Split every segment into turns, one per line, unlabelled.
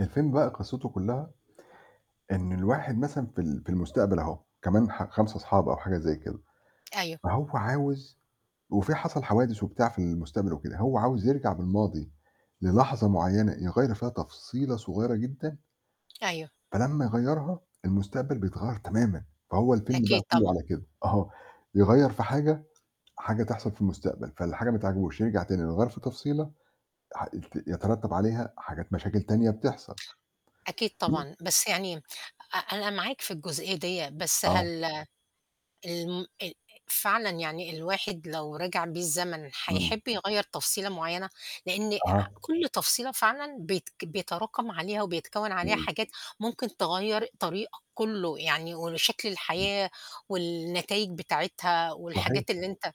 الفيلم بقى قصِّته كلّها، إن الواحد مثلًا في ال في المستقبل أهو كمان ح 5 أصحاب أو حاجة زي كده،
أيوه.
فهو عاوز وفي حَصَل حوادث وبتاع في المستقبل وكده، هو عاوز يرجع بالماضي للحظة معيّنة يغيّر فيها تفصيلة صغيّرة جدًا
أيوه.
فلمّا يغيّرها المستقبل بيتغيّر تمامًا فهو الفيلم بقى
أكيد
كُلّه
طبعًا.
على كده، أها يغيّر في حاجة، حاجة تحصل في المستقبل، فالحاجة ما تعجبهوش، يرجع تاني يغيّر في تفصيلة ح ت يترتب عليها حاجات مشاكل تانية بتحصل.
أكيد طبعًا، بس يعني أ أنا معاك في الجزئية ديّة بس
آه.
هل آآ، الم آآ فعلًا يعني الواحد لو رِجِع بيه الزمن،
إمم.
حيحِبّ يغيّر تفصيلة معيّنة؟ لإن
أها.
كُلّ تفصيلة فعلًا بيت بيتراكم عليها وبيتكوّن عليها
إمم.
حاجات ممكن تغيّر طريقك كُلّه، يعني وشكل الحياة والنتايج بتاعتها
صحيح.
والحاجات اللي أنت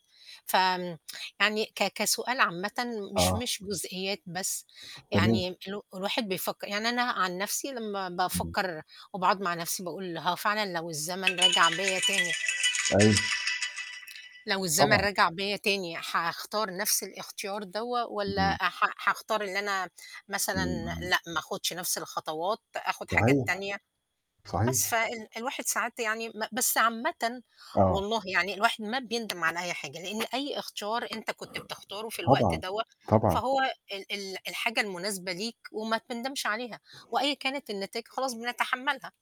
ف آمم، يعني ك كسؤال عامةً مش
آه.
مش جزئيات بس،
تمام.
يعني ال الواحد بيفكّر يعني أنا عن نفسي لمّا
إمم.
بافكّر وباقعد مع نفسي باقول هو فعلًا لو الزمن رَجَع بيّا تاني
أيوه.
لو الزمن
طبعًا.
رَجَع بيّا تاني حاختار نَفْس الاختيار دوَّة والَّا ح حاختار إن أنا مثلًا
إمم، إمم.
لأ، ما آخُدش نَفْس الخطوات آخُد حاجات
صحيح،
تانية، بس
صحيح.
فال الواحد ساعات يعني ما بس عامةً
آه.
والله يعني الواحد ما بيندم على أي حاجة، لأن أي أختيار أنت كنت بتختارُه في الوقت
طبعًا،
دوَّة
طبعًا.
فهو ال ال الحاجة المناسبة ليك وما تندمش عليها، وأيًا كانت النتايج خلاص بنتحمّلها.